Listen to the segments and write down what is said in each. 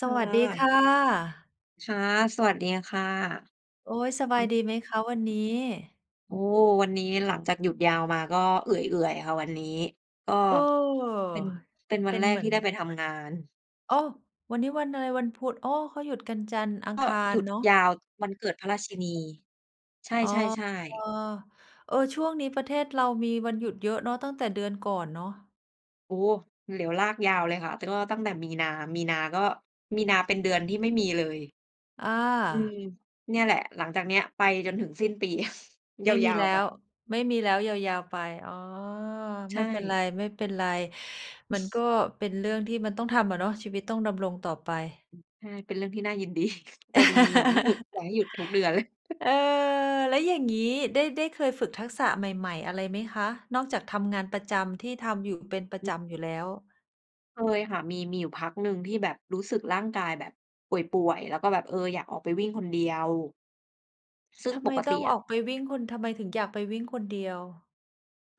สค่วัสดีค่ะ ะ ค่ะ สวัสดีค่ะ โอ๊ย สบายดีไหมคะวันนี้? โอ้ วันนี้หลังจากหยุดยาวมา ก็เอื่อย ๆ ค่ะวันนี้ ก็ เออ เป็น เป็นวเัปน็แนรเกหมืทอี่น ได้ไปทำงาน โอ้! วันนี้วันอะไร วันพุธ โอ้! เขาหยุดกันจันทร์ อักง็คาหรยุดเนาะ ยาววันเกิดพระราชินี ใชอ๋อ ่ ๆ ๆ เออ ช่วงนี้ประเทศเรามีวันหยุดเยอะเนาะ ตั้งแต่เดือนก่อนเนาะ โอ้ เหลียวลากยาวเลยค่ะ แต่ก็ตั้งแต่มีนา มีนาก็ มีนาเป็นเดือนที่ไม่มีเลย ออืา ม เนี่ยแหละ หลังจากเนี้ย ไปจนถึงสิ้นปี ไม่มียาแลว ้ๆ ไป ว ไม่มีแล้ว ยาว ๆ ไป อ๋อ ใชไม่เป็นไร ่ ไม่เป็นไร มันก็เป็นเรื่องที่มันต้องทำอะเนาะ ชีวิตต้องดำรงต่อไป อืม ใช่ เป็นเรื่องที่น่ายิน ดี แต่จริง ๆ อยากให้หยุด อยากให้หยุดทุกเดือน เลย เออ แล้วอย่างงี้ ได้ ได้เคยฝึกทักษะใหม่ ๆ อะไรไหมคะ นอกจากทำงานประจำที่ทำอยู่เป็นประอือ จำอยู่แล้ว? เคยค่ะ มี มีอยู่พักหนึ่งที่แบบรู้สึกร่างกายแบบป่วย ๆ แล้วก็แบบ เออ อยากออกไปวิ่งคนเดียว ซึ่งทำปไมกตต้อิงออะ อกไปวิ่ง คุณทำไมถึงอยากไปวิ่งคนเดียว?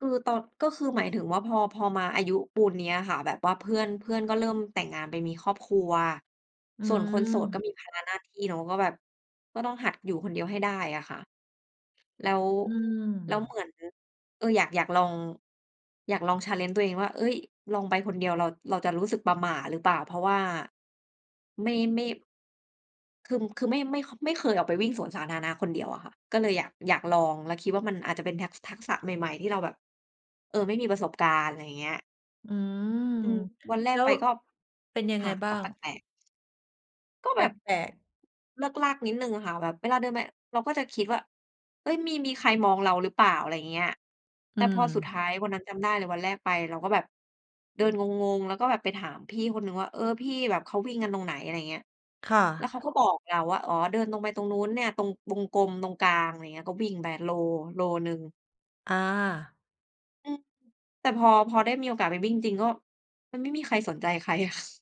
คือตอน ก็คือหมายถึงว่าพอ พอมาอายุปูนเนี้ยค่ะ แบบว่าเพื่อน เพื่อนก็เริ่มแต่งงานไปมีครอบครัว อืส่วนคนโสดก็ม มีภาระหน้าที่เนาะ ก็แบบ ก็ต้องหัดอยู่คนเดียวให้ได้อะค่ะ แล้ว อืแล้วเหม มือน เออ อยาก อยากลอง อยากลอง challenge ตัวเองว่า "เอ๊ย! ลองไปคนเดียว เรา เราจะรู้สึกประหม่าหรือเปล่า?" เพราะว่าไม่ ไม่ คือ คือไม่ ค ไม่เคยออกไปวิ่งสวนสาธารณะคนเดียวอะค่ะ ก็เลยอยาก อยากลอง แล้วคิดว่ามันอาจจะเป็นทัก ทักษะใหม่ ๆ ที่เราแบบ เออ ไม่มีประสบการณ์ ไรเงี้ย อืม อืม วันแรแล้กไปว ก็ เป็นยังคไง่ะ บก้า็แปง? ลก ๆ ก็แแปบบ ลก ๆ เลิกลั่กนิดหนึ่งอะค่ะ แบบเวลาเดินไป เราก็จะคิดว่า "เอ๊ย! มี มีใครมองเราหรือเปล่า?" อะไรเงี้ย แอตื่พอสุดทม ้ายวันนั้นจำได้เลย วันแรกไปเราก็แบบเดินงง ๆ แล้วก็แบบไปถามพี่คนหนึ่งว่า "เออ พี่แบบเขาวิ่งกันตรงไหน?" อะไรอย่างเงี้ย ค่แล้วะ เขาก็บอกเราว่า "อ๋อ เดินตรงไปตรงนู้นเนี่ย ตรงวงกลมตรงกลาง" อะไรเงี้ย ก็วิ่งไปโล โลหนึ่ง อา อือ แต่พอ พอได้มีโอกาสไปวิ่งจริง ก็ มันไม่มีใครสนใจใคร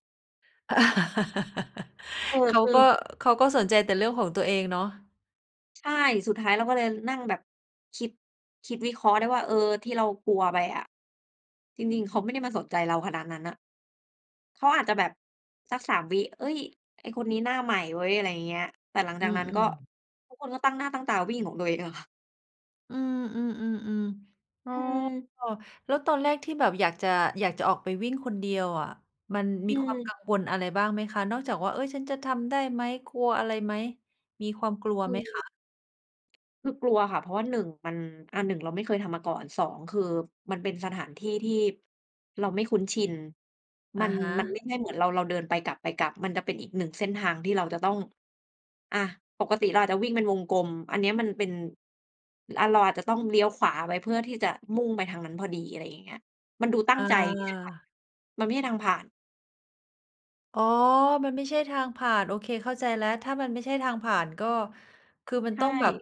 เออ เขาคือ ก็ เขาก็สนใจแต่เรื่องของตัวเองเนาะ ใช่ สุดท้ายเราก็เลยนั่งแบบคิด คิดวิเคราะห์ได้ว่า เออ ที่เรากลัวไปอะ จริง ๆ เขาไม่ได้มาสนใจเราขนาดนั้นน่ะ เขาอาจจะแบบสัก 3 วิ "เอ๊ย! ไอ้คนนี้หน้าใหม่เว้ย" อะไรเงี้ย แต่หลังอจืากนั้นก็ อ ๆ ทุกคนก็ตั้งหน้าตั้งตาวิ่งของตัวเองอะค่ะ อืม ๆ ๆ ๆ อ๋อ อือ แล้วตอนแรกที่แบบอยากจะ อยากจะออกไปวิ่งคนเดียวอะ มันมอืีความกอ ังวลอะไรบ้างไหมคะ? นอกจากว่า "เอ๊ย ฉันจะทำได้ไหม" กลัวอะไรไหม มีความกลัวคไหมคือ ะ? คือกลัวค่ะ เพราะว่า 1 มัน อ่า 1 เราไม่เคยทำมาก่อน 2 คือ มันเป็นสถานที่ที่เราไม่คุ้นชิน อมัะน ฮมันไม่ะ ใช่เหมือนเรา เราเดินไปกลับ ไปกลับ มันจะเป็นอีกหนึ่งเส้นทาง ที่เราจะต้อง อะ ปกติเราอาจจะวิ่งเป็นวงกลม อันเนี้ยมันเป็น อา เราอาจจะต้องเลี้ยวขวาไว้ เพื่อที่จะมุ่งไปทางนั้นพอดี อะไรอย่างเงี้ย มันดูตั้งอใจที่จะไป า มันไม่ใช่ทางผ่าน อ๋อ มันไม่ใช่ทางผ่าน โอเค เข้าใจแล้ว ถ้ามันไม่ใช่ทางผ่าน ก็คือมันใชต้องแบบ ่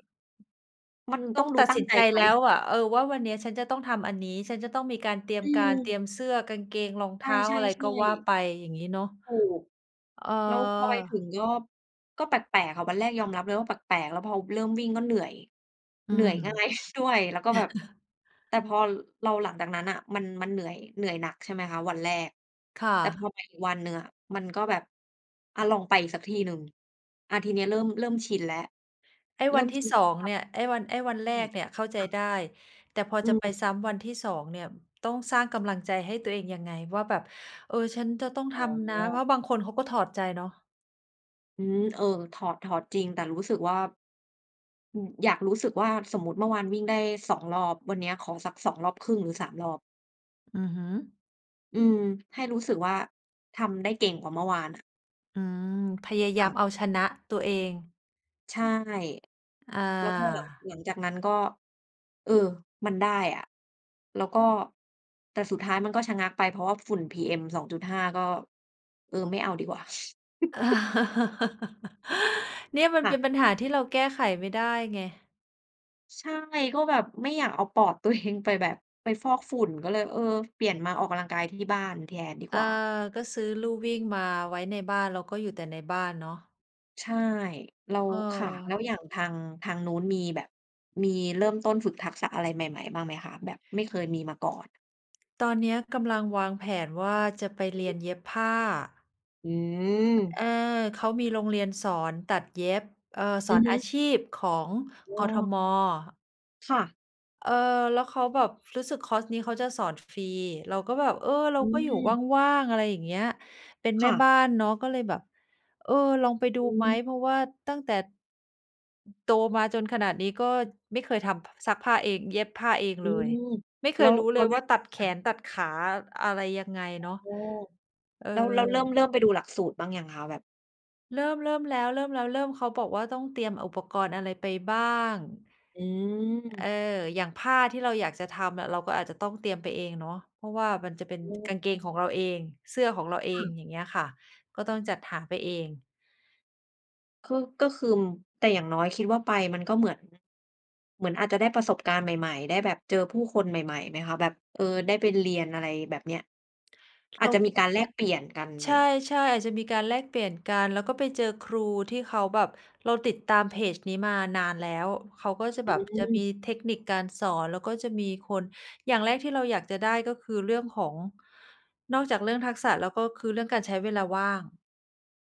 มันต้ต้อองงดูตัดตั้สงินใจใจไป แล้วอะ เออ ว่า วันนี้ฉันจะต้องทำอันนี้ ฉันจะต้องมีการเตรียอมืการ เตม รียมเสื้อ กางเกง รองเใท้า ชอ่ ะไรก็ว่าๆ ๆ ไป อย่างงี้เนาะ ถูก อ๋อ แล้วพอไปถึงก็ ก็แปลก ๆ ค่ะ วันแรกยอมรับเลยว่าแปลก ๆ แล้วพอเริ่มวิ่งก็เหนื่อย อืเหนื่อม ย ง่ายด้วย แล้วก็แบบ แต่พอเรา หลังจากนั้นน่ะมัน มันเหนื่อย เหนื่อยหนัก ใช่ไหมคะ วันแรก ค่แต่พอะ ไปอีกวันหนึ่งอะมันก็แบบ อะลองไปอีกสักทีหนึ่ง อะทีนี้เริ่ม เริ่มชินแล้ว ไอ้เรวิ่ันมทชี่ ินสอชง า เนี่ย ไอ้วัน ไอ้วันแรอืกม เนี่ยเข้าใคจ่ะ ได้ แต่พออืจะไปม ซ้ำวันที่ 2 เนี่ย ต้องสร้างกำลังใจให้ตัวเองยังไงว่าแบบ เออ ฉันจะต้องอท๋ำนะ เพรอ าะบางคนเขาก็ถอดใจเนาะ อืม เออ ถอด ถอดจริงแต่รู้สึกว่า อืม อยากรู้สึกว่า สมมุติเมื่อวานวิ่งได้ 2 รอบ วันนี้ขอสัก 2 รอบครึ่ง หรือ 3 รอบ อือฮึ อืม ให้รู้สึกว่า ทำได้เก่งกว่าเมื่อวานอะ อืม พยายาค่ะ มเอาชนะตัวเอง ใช่ อแล้วพอหลัง า หลังจากนั้นก็ เออ มันได้อะ แล้วก็ แต่สุดท้ายมันก็ชะงักไป เพราะว่าฝุ่น PM2.5 ก็ เออ ไม่เอาดีกว่า เนี่ย มันคเ่ปีะ ยน ปัญหาที่เราแก้ไขไม่ได้ไง ใช่ ก็แบบไม่อยากเอาปอด ตัวเอง ไปแบบ ไปฟอกฝุ่นก็เลย เออ เปลี่ยนมาออกกำลังกายที่บ้านแทนดีอกา ว่า ก็ซื้อลู่วิ่งมาไว้ในบ้าน แล้วก็อยู่แต่ในบ้านเนาะ ใช่ เรา ค่ะ แเออ ล้วอย่างทาง ทางนู้นมีแบบ มีเริ่มต้นฝึกทักษะอะไรใหม่ ๆ บ้างไหมคะ? แบบไม่เคยมีมาก่อน ตอนเนี้ยกำลังวางแผนว่าจะไปเรียนเย็บผ้า อือ เม! ออ เขามีโรงเรียนสอนตัดเย็บ เออ สอืออนฮอาึ ชีพของ โอกท้! ม. ค่ะ เอ่อ แล้วเขาแบบ รู้สึกคอร์สนี้เขาจะสอนฟรี เราก็แบบ เออ เรอาืก็อยู่ม ว่าง ๆ อะไรอย่างเงี้ย เป็นคแม่่บะ ้านเนาะก็เลยแบบ เออ ลองไปดูอืไหม ม เพราะว่าตั้งแต่ โตมาจนขนาดนี้ ก็ไม่เคยทำ พ ซักผ้าเองเย็บผ้าเองอืเลย ม ไม่เแคล้ยวรู้เเรลายแรว่่าง ตัดแขค่ะ นตัดขา อะไรยังไงอ๋เนาะ อ เออ แล้ว แล้วเริ่ม เริ่มไปดูหลักสูตรบ้างยังคะ? แบบ เริ่ม เริ่มแล้ว เริ่มแล้ว เริ่ม เขาบอกว่าต้องเตรียมอุปกรณ์อะไรไปบ้าง อืเออ ม อย่างผ้าที่เราอยากจะทำอะ เราก็อาจจะต้องเตรียมไปเองเนาะ เพราะว่ามันจะเป็น อืม กางเกงของเราเอง เสื้อของเราเอค่ง ะ อย่างเงี้ยค่ะ ก็ต้องจัดหาไปเอง คือ ก็คือ แต่อย่างน้อยคิดว่าไปมันก็เหมือน เหมือนอาจจะได้ประสบการณ์ใหม่ ๆ ได้แบบเจอผู้คนใหม่ ๆ ไหมคะ? แบบ เออ ได้ไปเรียน อะไรแบบเนี้ย อเารจาจะมคีิ การแลกเปลี่ยนกันไใหชมอะ? ่ ๆ อาจจะมีการแลกเปลี่ยนกัน แล้วก็ไปเจอครูที่เขาแบบ เราติดตามเพจนี้มานานแล้ว เขาก็จะอแืบบ จะมีม เทคนิคการสอน แล้วก็จะมีคน อย่างแรกที่เราอยากจะได้ ก็คือเรื่องของ นอกจากเรื่องทักษะแล้ว ก็คือเรื่องการใช้เวลาว่าง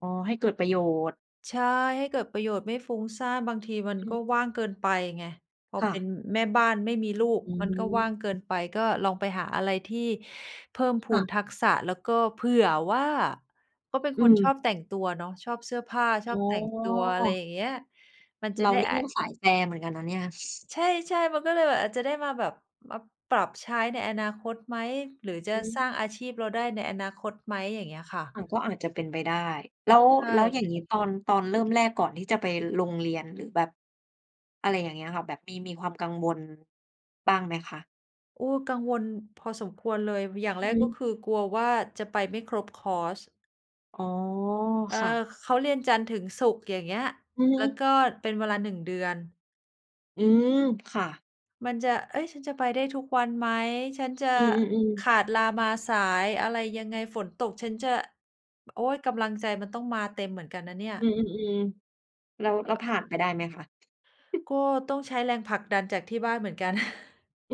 อ๋อ ให้เกิดประโยชน์ ใช่ ให้เกิดประโยชน์ไม่ฟุ้งซ่าน บางทีมันอกื็ม ว่างเกินไปไง พอค่เปะ ็นแม่บ้านไม่มีลูก อืมันก็ว่างเกิม นไป ก็ลองไปหาอะไรที่เพิ่มพูค่นะ ทักษะ แล้วก็เผื่อว่า ก็เป็นอืคนชม อบแต่งตัวเนาะ ชอบเสื้อผ้า ชออ๋บอ แต่งตัว อะไรอย่างเงี้ย มันจะเราได้ นี่อ ก็สายแฟเหมือนกันนะเนี่ย ใช่ ๆ มันก็เลยแบบอาจจะได้มาแบบ มาปรับใช้ในอนาคตไหม? หรือจะอืม สร้างอาชีพเราได้ในอนาคตไหม? อย่างเงี้ยค่อะ ะ ก็อาจจะเป็นไปได้ แล้ว ใช่ แล้วอย่อืางงม ี้ ตอน ตอนเริ่มแรกก่อนที่จะไปลงเรียน หรือแบบ อะไรอย่างเงี้ยค่ะ แบบมี มีความกังวล บ้างไหมคะ? โอ้ กังวลพอสมควรเลย ว อย่างอแืรอกฮก็ึ คือกลัวว่าจะไปไม่ครบคอร์ส อ๋อ เออ ค่ะ เขาเรียนจันทร์ถึงศุกร์ อย่างเงี้ย อือฮแล้วึ ก็เป็นเวลา 1 เดือน อืม ค่ะ มันจะ "เฮ้ย ฉันจะไปได้ทุกวันไหม? ฉันจะอือ ๆ ขๆ าดลามาสาย อะไรยังไง? ฝนตกฉันจะ" โอ๊ย! กำลังใจมันต้องมาเต็มเหมือนกันนะเนี่ย อืม ๆ ๆ แล้ว เอแ่ล้วอ ผ่านไปได้ไหมคะ? ก็ต้องใช้แรงผลักดันจากที่บ้านเหมือนกัน อื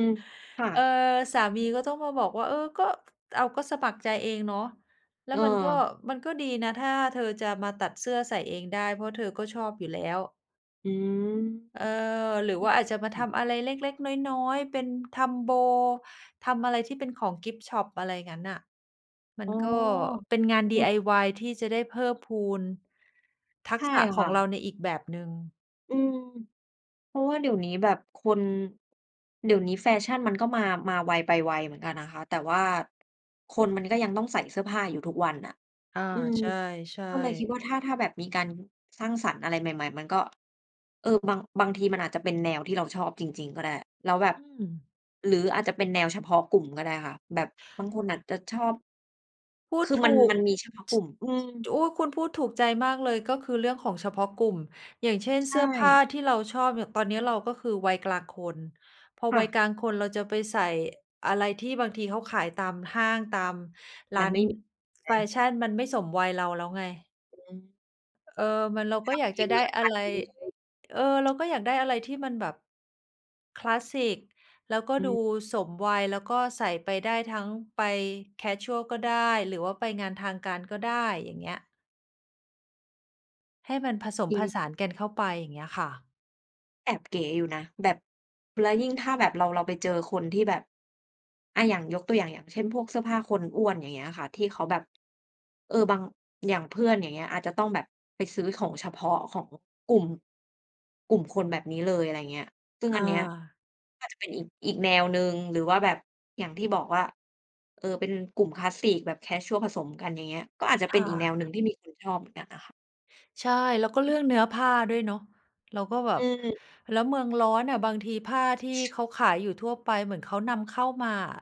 ม ๆ ๆ ค่เอ่อ ะ สามีก็ต้องมาบอกว่า "เออ ก็ อ้าว ก็สมัครใจเองเนาะ แล้เวมันก็ ออ มันก็ดีนะ ถ้าเธอจะมาตัดเสื้อใส่เองได้ เพราะเธอก็ชอบอยู่แล้ว" อืม เออ หรืออืวอ ่าอาจจะมาอืทม ำอะไรเล็ก ๆ น้อย ๆ เป็นทำโบ ทำอะไรที่เป็นของกิฟต์ชอป อะไรงั้นน่ะ มัอ๋นอ ก็เป็นงาน เออ DIY ที่จะได้เพิ่มพูน ทัใชก่ษะขคอ่งเราะ ในอีกแบบหนึ่ง อืม เพราะว่าเดี๋ยวนี้แบบคน เดี๋ยวนี้แฟชั่นมันก็มา มาไวไปไวเหมือนกันนะคะ แต่ว่าคนมันก็ยังต้องใส่เสื้อผ้าอยู่ทุกวันน่ะ อา อืม ใช่ ก็เลยคิๆ ดว่า ถ้า ถ้าแบบมีการสร้างสรรค์อะไรใหม่ ๆ มันก็ เออ บาง บางทีมันอาจจะเป็นแนวที่เราชอบจริง ๆ ก็ได้ แล้วแบบ อืม หรืออาจจะเป็นแนวเฉพาะกลุ่มก็ได้ค่ะ แบบบางคนอาจจะชอบ พูคดือถมัน ูก มันมีเฉพาะกช ลุ่ม อืม จ อุ๊ย! คุณพูดถูกใจมากเลย ก็คือเรื่องของเฉพาะกลุ่ม อย่างเช่น ใชเสื้อผ้า่ ที่เราชอบเนี่ย ตอนเนี้ย เราก็คือวัยกลางคน พอค่วัยะ กลางคนเราจะไปใส่อะไรที่บางทีเขาขายตามห้าง ตามร้มัานนไม่มิ แฟนะ ชั่น มันไม่สมวัยเราแล้วไง อือ เออ มัน เรากท็อยาำกเอจะงไดเล้ย อตะัดไร เองเลย เออ เราก็อยากได้อะไรที่มันแบบ คลาสสิก แล้วก็อดืม ูสมวัย แล้วก็ใส่ไปได้ทั้งไปแคชวลก็ได้ หรือว่าไปงานทางการก็ได้ อย่างเงี้ย ให้มันผสมอืผอฮึ สานกันเข้าไป อย่างเงี้ยค่ะ แอบเก๋อยู่นะ แบบ แล้วยิ่งถ้าแบบเรา เราไปเจอคนที่แบบ อา อย่างยกตัวอย่าง อย่างเช่น พวกเสื้อผ้าคนอ้วน อย่างเงี้ยค่ะ ที่เขาแบบ เออ บัง อย่างเพื่อน อย่างเงี้ย อาจจะต้องแบบไปซื้อของเฉพาะของกลุ่ม กลุ่มคนแบบนี้เลย อะไรเงี้ย ซึ่งออันเนี้ย า ก็จะเป็นอีก อีกแนวหนึ่ง หรือว่าแบบ อย่างที่บอกว่า เอ่อ เป็นกลุ่มคลาสสิกแบบแคชวลผสมกัน อย่างเงี้ย ก็อาจจะคเป็น่อีกแนะ วหนึ่งที่มีคนชอบเหมือนกันน่ะค่ะ ใช่ แล้วก็เรื่องเนื้อผ้าด้วยเนาะ เราก็แบอบ ือ แล้วเมืองร้อนอะบางทีผ้าที่เขาขายอยู่ทั่วไป เหมือนเขานำเข้ามาอะ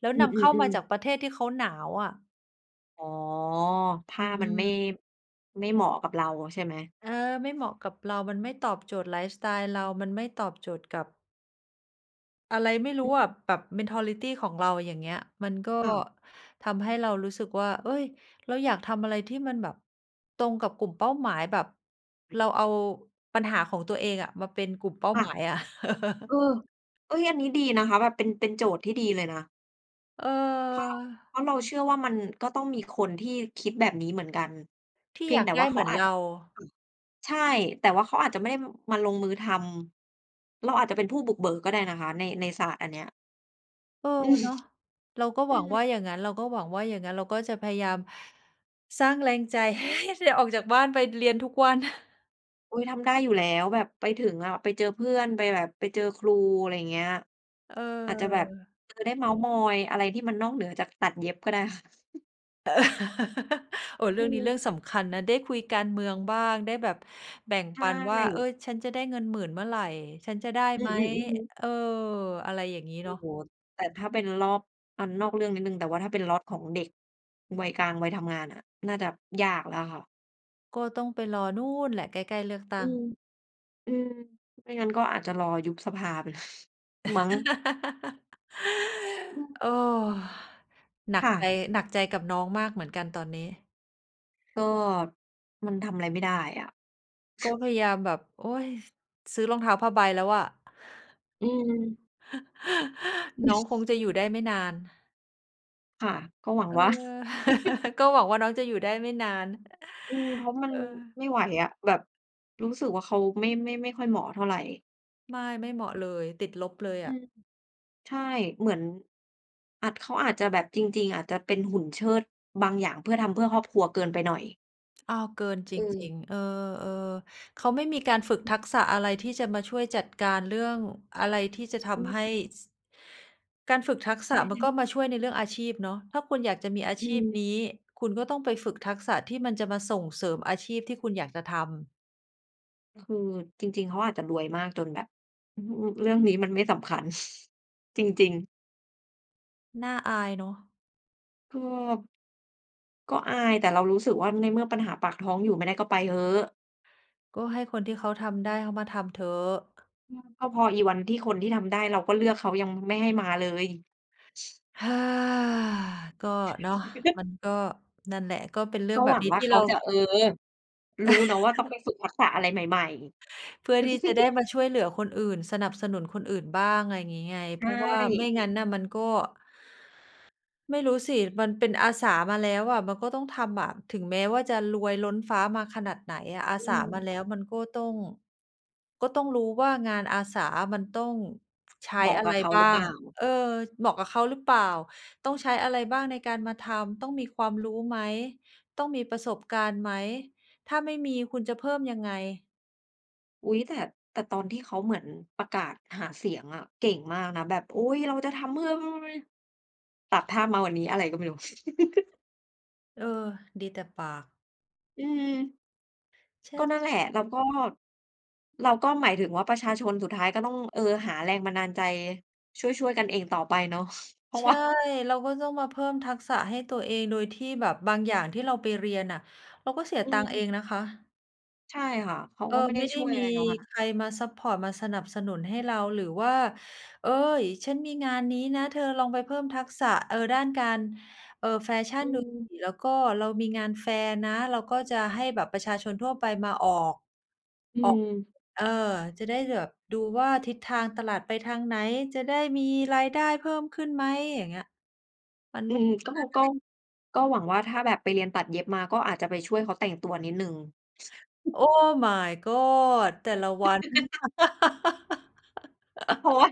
แล้วอืนำเข้ามาอ จาๆ ๆ กประเทศที่เขาหนาวอะ อ๋อ ผอ้ามันไม่ ืม ไม่เหมาะกับเราใช่ไหม? เออ ไม่เหมาะกับเรา มันไม่ตอบโจทย์ไลฟ์สไตล์เรา มันไม่ตอบโจทย์กับ อะไรไม่รูอ้ือะ อ แบบ mentality ของเราอย่างเงี้ย มันก็ค่ะ ทำให้เรารู้สึกว่า เอ๊ย เราอยากทำอะไรที่มันแบบตรงกับกลุ่มเป้าหมาย แบบเราเอาปัญหาของตัวเองอะ มาเป็นกลุ่มเป้าค่ะ หมายอะ เออ เอ๊ย อันนี้ดีนะคะ แบบเป็น เป็นโจทย์ที่ดีเลยนะ เเพราะ ออ เพราะเราเชื่อว่า มันก็ต้องมีคนที่คิดแบบนี้เหมือนกัน ทีเ่พีอยยงาแกต่ไวด่้าเเขหมาือนอาเจ รา ค่ะ ใช่ แต่ว่าเขาอาจจะไม่ได้มาลงมือทำ เราอาจจะเป็นผู้บุกเบิกก็ได้นะคะ ใน ในศาสตร์อันเนี้ย เออ อืม เนาะ เราก็อหืวังว่าม อย่างงั้น เราก็หวังว่าอย่างงั้น เราก็จะพยายามสร้างแรงใจให้ได้ออกจากบ้านไปเรียนทุกวัน อุ๊ย ทำได้อยู่แล้ว แบบไปถึงอะไปเจอเพื่อน ไปแบบไปเจอครู อะไรอย่างเงี้ย เออาจจะแบบ อ เออ ได้เม้ามอยอะไรที่มันนอกเหนือจากตัดเย็บก็ได้ค่ะ เอ่อ เรอืื่องนี้เรื่ออ งสำคัญนะ ได้คุยการเมืองบ้าง ได้แบบแบ่งใชปันว่า เอ่ อ ฉันจะได้เงิน 10,000 เมื่อไหร่ ฉันจะได้อืไหม อ ๆ ๆ เออ อะไรอย่างงี้โอเนา้ะ โฮ แต่ถ้าเป็นรอบ อ่า นอกเรื่องนิดหนึ่ง แต่ว่าถ้าเป็นล็อตของเด็ก วัยกลาง วัยทำงานอะ น่าจะยากแล้วค่ะ ก็ต้องไปรอนู่นแหละใกล้ ๆ เลือกตอืั้ง ม อืม ไม่งั้นก็อาจจะรอยุบสภา ไปเลย มั้ง อืม หนัคก่ใจ ะ หนักใจกับน้องมากเหมือนกันตอนนี้ ก็มันทำอะไรไม่ได้อะ ก็พยายามแบบ โอ๊ย ซื้อรองเท้าผ้าใบแล้วอะ อืม น้องคงจะอยู่ได้ไม่นาน ค่ะ ก็หวังเออ ว่า ก็หวังว่าน้องจะอยู่ได้ไม่นาน อืม เพราะมัเนออ ไม่ไหวอะ แบบรู้สึกว่าเขาไม่ ไม่ ไม่ค่อยเหมาะเท่าไร ไม่ ไม่เหมาะอืเอ ลย ติดลบเลยออืะ ม ใช่ เหมือน อัด เขาอาจจะแบบจริง ๆ อาจจะเป็นหุ่นเชิดบางอย่าง เพื่อทำเพื่อครอบครัวเกินไปหน่อย อ้าว เกินจอืริม ง ๆ เออ ๆ เขาไม่มีการฝึกอือ ทักษะอะไรที่จะมาช่วยจัดการเรื่องอะไรที่จะทอืำให้ ม ส การฝึกทักษใชะ่ มันกๆ ็มาช่วยในเรื่องอาชีพเนาะ ถ้าคุณอยากจะมีอาอืชีพม นี้ คุณก็ต้องไปฝึกทักษะที่มันจะมาส่งเสริมอาชีพที่คุณอยากจะทำ คือจริง ๆ เขาอาจจะรวยมากจนแบบ อืม เรื่องนี้มันไม่สำคัญ จริง ๆ น่าอายเนาะ ก็ ก็อาย แต่เรารู้สึกว่า ในเมื่อปัญหาปากท้องอยู่ไม่ได้ก็ไปเหอะ! ก็ให้คนที่เขาทำได้เขามาทำเถอะ ก็พออีวันที่คนที่ทำได้เราก็เลือก เขายังไม่ให้มาเลย ก็เนาะ มันก็ นั่นแหละ ก็เป็นเรื่กอ็งแบหวบังนี้ว่าที่เขเารา จะ เออ! รู้เนาะว่าต้องไปฝึกทักษะอะไรใหม่ เพื่อๆ ที่จะได้มาช่วยเหลือคนอื่น สนับสนุนคนอื่นบ้าง ไรงี้ไง ใชเพราะว่าไม่่ งั้นน่ะมันก็ ไม่รู้สิ มันเป็นอาสามาแล้วอะ มันก็ต้องทำอะ ถึงแม้ว่าจะรวยล้นฟ้ามาขนาดไหนอะ อาอสืามาแม ล้วมันก็ต้อง ก็ต้องรู้ว่า งานอาสาอะมันต้องใชเ้หมาะอะกไัรบเขาบห้ราือเปง ล่า? เออ เหมาะกับเขาหรือเปล่า ต้องใช้อะไรบ้างในการมาทำ ต้องมีความรู้ไหม ต้องมีประสบการณ์ไหม ถ้าไม่มีคุณจะเพิ่มยังไง อุ๊ย! แต่ แต่ตอนที่เค้าเหมือนประกาศหาเสียงอะ เก่งมากนะ แบบ อุ๊ย! เราจะทำเพื่อ [unintelligible] ตัดภาพมาวันนี้ อะไรก็ไม่รู้ เออ ดีแต่ปาก อืม ฉกั็น นั่นแหจ ละ แล้วก็ เราก็หมายถึงว่า ประชาชนสุดท้ายก็ต้อง เออ หาแรงบันดาลใจ ช่วย ๆ กันเองต่อไปเนาะเพราใะชว่ ่า เราก็ต้องมาเพิ่มทักษะให้ตัวเอง โดยที่แบบบางอย่างที่เราไปเรียนน่ะ เราก็เสียอืตังค์เม องนะคะ ใช่ค่ะ เขาเอกอ ็ไม่ไดไ้ม่ไดช้่วยอมะีไรเนาะนั่นน่ะ ใครมาซัพพอร์ต มาสนับสนุนให้เรา หรือว่า "เอ๊ย! ฉันมีงานนี้นะ เธอลองไปเพิ่มทักษะ เออ ด้านการ เอ่อ แฟชั่อนืดูม สิ แล้วก็เรามีงานแฟร์นะ เราก็จะให้แบบประชาชนทั่วไปมาออก อืออก ม เออ จะได้แบบดูว่า ทิศทางตลาดไปทางไหน? จะได้มีรายได้เพิ่มขึ้นไหม?" อย่างเงี้ย มันอืไม่ ม ก็ ก็ [unintelligible] ก็หวังว่า ถ้าแบบไปเรียนตัดเย็บมา ก็อาจจะไปช่วยเขาแต่งตัวนิดหนึ่ง Oh My God แต่ละวัน เพราะว่า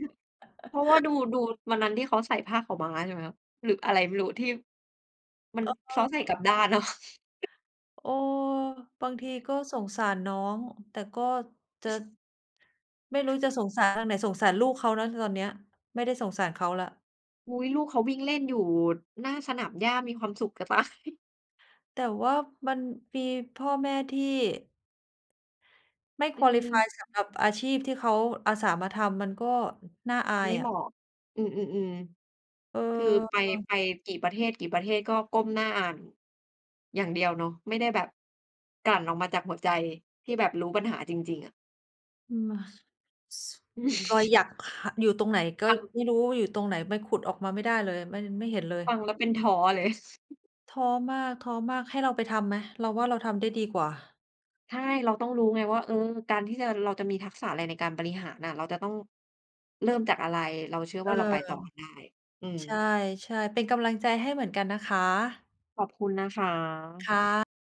เพราะว่าดู ดูวันนั้นที่เขาใส่ผ้าขาวม้า ใช่ไหมคะ หรืออะไรไม่รู้ ที่ มัน เเขาออ ใส่กลับด้านอะ เออ บางทีก็สงสารน้อง แต่ก็ จะ ไม่รู้จะสงสารอันไหน สงสารลูกเขานะตอนเนี้ย ไม่ได้สงสารเขาแล้ว อุ๊ย ลูกเขาวิ่งเล่นอยู่หน้าสนามหญ้ามีความสุข จะตาย แต่ว่ามันมีพ่อแม่ที่ ไม่ อืQualify ม สำหรับอาชีพที่เขาอาสามาทำ มันก็น่าอาไมย่เอหมะ าะ อืม ๆ เออ ๆ คือไป เออ ไปกี่ประเทศ กี่ประเทศ ก็ก้มหน้าอ่าน อย่างเดียวเนาะ ไม่ได้แบบ กลั่นออกมาจากหัวใจที่แบบรู้ปัญหาจริง ๆ อะ อืม ช ซ ซอยหยัก ห อยู่ตรงไหน ก็ค่ะ ไม่รู้อยู่ตรงไหน มันขุดออกมาไม่ได้เลย มันไม่เห็นเลย ฟังแล้วเป็นท้อเลย ท้อมาก ๆ ให้เราไปทำไหม? เราว่า เราทำได้ดีกว่า ใช่ เราต้องรู้ไงว่า เออ การที่จะ เราจะมีทักษะอะไรในการบริหารอะ เราจะต้อง เริ่มจากอะไร เราเชื่อเอวอ ่าเราไปต่อได้ อืใชม ่ ๆ เป็นกำลังใจให้เหมือนกันนะคะ ขอบคุณนะคะ ค่ะ